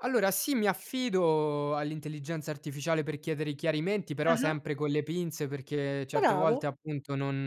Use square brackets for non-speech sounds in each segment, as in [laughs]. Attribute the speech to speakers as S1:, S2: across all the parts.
S1: Allora sì, mi affido all'intelligenza artificiale per chiedere i chiarimenti, però
S2: Ah-ah.
S1: sempre con le pinze. Perché certe
S2: Bravo.
S1: volte, appunto, non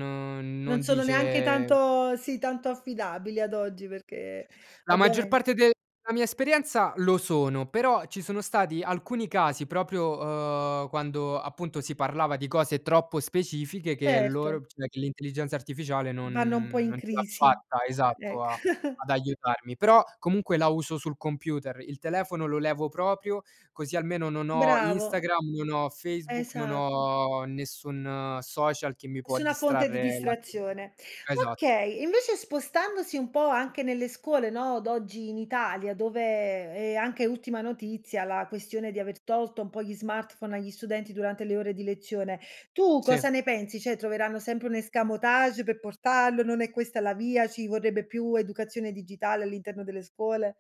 S2: Non
S1: non
S2: sono neanche
S1: dice
S2: tanto sì, tanto affidabili ad oggi, perché
S1: La maggior
S2: ovviamen
S1: parte de la mia esperienza, lo sono, però ci sono stati alcuni casi proprio, uhm, quando, appunto, si parlava di cose troppo specifiche che
S2: Certo.
S1: loro p cioè, che l'intelligenza artificiale
S2: Vanno un po'
S1: non
S2: in
S1: non ce l'ha
S2: crisi,
S1: fatta esatto,
S2: ec
S1: a
S2: [chuckles]
S1: ad aiutarmi. Però, comunque la uso sul computer, il telefono lo levo proprio, così almeno non ho
S2: Bravo.
S1: Instagram, non ho Facebook, non
S2: Esatto.
S1: ho nessun social che mi può
S2: Nessuna fonte di
S1: distrarre l'attenzione.
S2: distrazione.
S1: Esatt
S2: Okay, invece spostandosi un po' anche nelle scuole, no, d'oggi in Italia, dove è anche ultima notizia la questione di aver tolto un po' gli smartphone agli studenti durante le ore di lezione, tu
S1: Sì.
S2: cosa ne pensi? Cioè, troveranno sempre un escamotage pe portarlo? Non è questa la via? Ci vorrebbe più educazione digitale all'interno delle scuole?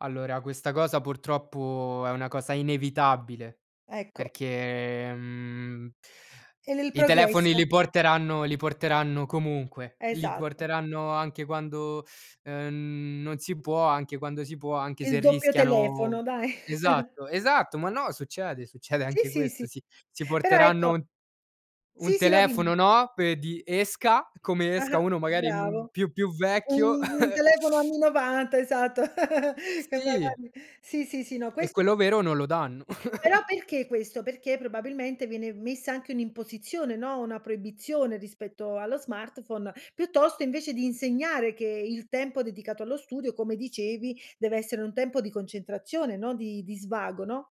S1: Allora, questa cosa purtroppo è una cosa inevitabile
S2: Ecco.
S1: perché, mhmm
S2: È nel
S1: i telefoni
S2: progresso.
S1: li porteranno li porteranno comunque. Li c
S2: Esatto.
S1: porteranno anche quando, ehm, n non si può, anche quando si può, anche
S2: Il
S1: se
S2: doppio
S1: rischiano
S2: telefono, dai. [chuckles]
S1: esatto, esatto! Ma no, succede. Succede
S2: Sì,
S1: anche
S2: sì, sì.
S1: questo, sì. Si
S2: Però,
S1: porteranno
S2: ecco
S1: un un
S2: Sì, sì. No dimmi.
S1: telefono, no, pe di esca come
S2: Ah-ah,
S1: esca, uno magari, mhmm,
S2: bravo.
S1: più più vecchio
S2: Un un
S1: [chuckles]
S2: telefono anni '90 esatto. [laughs] E
S1: Sì.
S2: magari Sì, sì, sì, no.
S1: E
S2: Questo
S1: quello vero
S2: [unintelligible]
S1: non lo danno.
S2: Però,
S1: [chuckles]
S2: perché questo? Perché, probabilmente viene v messa anche un'imposizione, no, una proibizione rispetto allo smartphone, piuttosto invece di insegnare che il tempo dedicato allo studio, come dicevi, deve essere un tempo di concentrazione, no di di svago, no?